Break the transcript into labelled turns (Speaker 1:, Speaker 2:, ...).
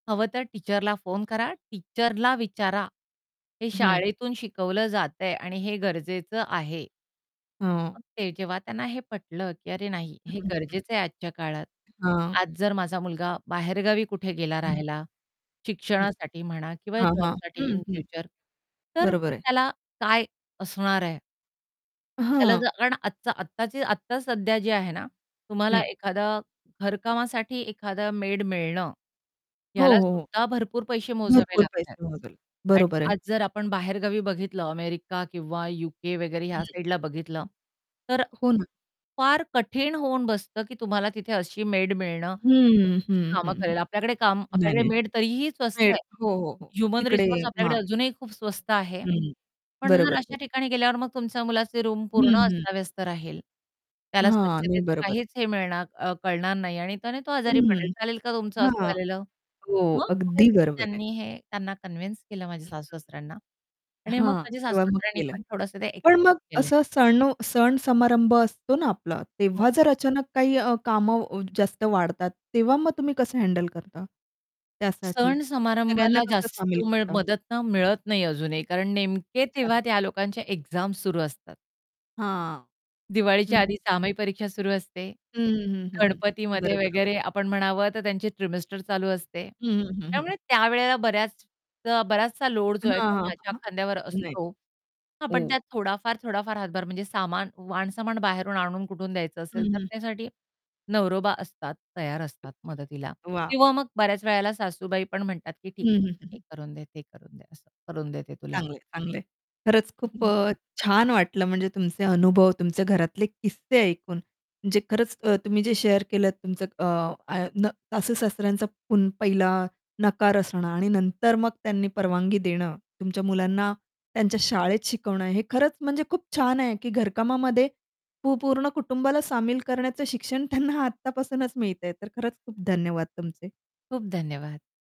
Speaker 1: हवं तर टीचरला फोन करा, टीचरला विचारा. हे
Speaker 2: हं.
Speaker 1: शाळेतून शिकवलं जातंय आणि हे गरजेचं आहे.
Speaker 2: हां.
Speaker 1: मग ते जेव्हा त्यांना हे पटलं, की "अरे नाही
Speaker 2: हं,
Speaker 1: हे
Speaker 2: हं, हं.
Speaker 1: गरजेचं आहे आजच्या काळात,
Speaker 2: हां.
Speaker 1: आज जर माझा मुलगा बाहेरगावी कुठे गेला
Speaker 2: हं.
Speaker 1: राहायला,
Speaker 2: हं.
Speaker 1: शिक्षणासाठी म्हणा किंवा
Speaker 2: हां, हां.
Speaker 1: जॉबसाठी
Speaker 2: हं,
Speaker 1: इन
Speaker 2: हं.
Speaker 1: फ्युचर तर
Speaker 2: बरोबर आहे.
Speaker 1: त्याला काय असणार आहे?"
Speaker 2: अ,
Speaker 1: त्याला
Speaker 2: हां.
Speaker 1: जर अन आजचा आत्ताची आत्ता सध्या जी आहे ना, तुम्हाला
Speaker 2: हं.
Speaker 1: एखादं घरकामासाठी एखादं मेड मिळणं,
Speaker 2: हो,
Speaker 1: ह्याला
Speaker 2: हो, हो.
Speaker 1: सुद्धा भरपूर पैसे मोजावे
Speaker 2: भरपूर
Speaker 1: लागतायत.
Speaker 2: पैसे मोजेल.
Speaker 1: आणि
Speaker 2: बरोबर आहे.
Speaker 1: आज जर आपण बाहेरगावी बघितलं अमेरिका किंवा यूके वगैरे ह्या
Speaker 2: [unintelligible]
Speaker 1: साइडला बघितलं, तर
Speaker 2: हो ना.
Speaker 1: फार कठीण होऊन बसतं की तुम्हाला तिथे अशी मेड मिळणं जी
Speaker 2: हं, हं,
Speaker 1: तुमची
Speaker 2: हं,
Speaker 1: कामं
Speaker 2: हं,
Speaker 1: करेल.
Speaker 2: हं.
Speaker 1: आपल्याकडे काम
Speaker 2: नाही,
Speaker 1: आपल्याकडे
Speaker 2: नाही,
Speaker 1: मेड तरीही स्वस्त
Speaker 2: मेड.
Speaker 1: आहे.
Speaker 2: हो, हो, हो,
Speaker 1: ह्युमन
Speaker 2: तिकडे
Speaker 1: रिसोर्स आपल्याकडे
Speaker 2: हां.
Speaker 1: अजूनही खूप स्वस्त आहे.
Speaker 2: हं.
Speaker 1: पण जर
Speaker 2: बरोबर, बरं.
Speaker 1: अशा ठिकाणी गेल्यावर मग तुमच्या मुलाचे रूम
Speaker 2: हं,
Speaker 1: पूर्ण
Speaker 2: हं.
Speaker 1: अस्ताव्यस्त राहील, त्याला
Speaker 2: हां. नाही
Speaker 1: स्वच्छतेचं
Speaker 2: बरोबर.
Speaker 1: काहीच हे मिळणार अ, कळणार नाही आणि त्याने तो आजारी पडेल.
Speaker 2: हं.
Speaker 1: चालेल का तुमचं असं
Speaker 2: हां.
Speaker 1: झालेलं?
Speaker 2: हो.
Speaker 1: मग
Speaker 2: अगदी
Speaker 1: कुठेतरी
Speaker 2: बरोबर आहे.
Speaker 1: त्यांनी हे त्यांना कन्विन्स केलं
Speaker 2: [unintelligible]
Speaker 1: माझ्या सासू-सासऱ्यांना आणि मग
Speaker 2: हां,
Speaker 1: माझ्या
Speaker 2: तेव्हा मग
Speaker 1: सासू-सासऱ्यांना
Speaker 2: केलं.
Speaker 1: पण थोडंसं ते
Speaker 2: पण
Speaker 1: एक्सेप्ट
Speaker 2: मग
Speaker 1: केले.
Speaker 2: असं सण सण-समारंभ असतो ना आपला.
Speaker 1: हो.
Speaker 2: तेव्हा जर अचानक काही अ, कामं जास्त वाढतात, तेव्हा मग तुम्ही कसं हँडल करता? त्यासाठी सगळ्यांना
Speaker 1: सण-समारंभाला
Speaker 2: कसं
Speaker 1: जास्त
Speaker 2: सामील करता?
Speaker 1: मदत ना मिळत नाही अजूनही. कारण नेमके
Speaker 2: अच्छा.
Speaker 1: तेव्हा त्या लोकांचे एक्झाम सुरू असतात.
Speaker 2: हां.
Speaker 1: दिवाळीच्या
Speaker 2: हं.
Speaker 1: आधी सहामाही परीक्षा सुरू असते.
Speaker 2: हं, हं, हं, हं.
Speaker 1: गणपतीमध्ये
Speaker 2: बरोबर, बरोबर.
Speaker 1: वगैरे आपण म्हणावं, तर त्यांची ट्रिमेस्टर चालू असते.
Speaker 2: हं, हं, हं, हं.
Speaker 1: त्यामुळे त्यावेळेला बऱ्याच अ, बराचसा लोड जो आहे
Speaker 2: हां,
Speaker 1: तो
Speaker 2: हां,
Speaker 1: माझ्या
Speaker 2: हां.
Speaker 1: खांद्यावर
Speaker 2: नाही.
Speaker 1: असतो. हां, पण
Speaker 2: हो.
Speaker 1: त्यात थोडाफार, थोडाफार हातभार म्हणजे सामान, वाणसामान बाहेरून आणून कुठून द्यायचं
Speaker 2: हं,
Speaker 1: असेल, तर
Speaker 2: हं.
Speaker 1: त्यासाठी नवरोबा असतात, तयार असतात मदतीला.
Speaker 2: अच्छा, वाह!
Speaker 1: किंवा मग बऱ्याच वेळेला सासूबाई पण म्हणतात की,
Speaker 2: हं,
Speaker 1: "ठीक आहे.
Speaker 2: हं, हं,
Speaker 1: हे
Speaker 2: हं.
Speaker 1: करून दे, ते करून दे असं करून देते तुला."
Speaker 2: चांगलं आहे, चांगलं आहे. खरंच खूप अ, छान वाटलं म्हणजे तुमचे अनुभव, तुमचे घरातले किस्से ऐकून म्हणजे खरंच अ, तुम्ही जे शेअर केलंत तुमचं अ, आ न सासू-सासऱ्यांचा पुन पहिला नकार असणं आणि नंतर मग त्यांनी परवानगी देणं, तुमच्या मुलांना त्यांच्या शाळेत शिकवणं. हे खरंच म्हणजे खूप छान आहे की घरकामामध्ये पू पूर्ण कुटुंबाला सामील करण्याचं शिक्षण त्यांना आत्तापासूनच मिळतंय. तर खरंच खूप धन्यवाद तुमचे.
Speaker 1: खूप धन्यवाद.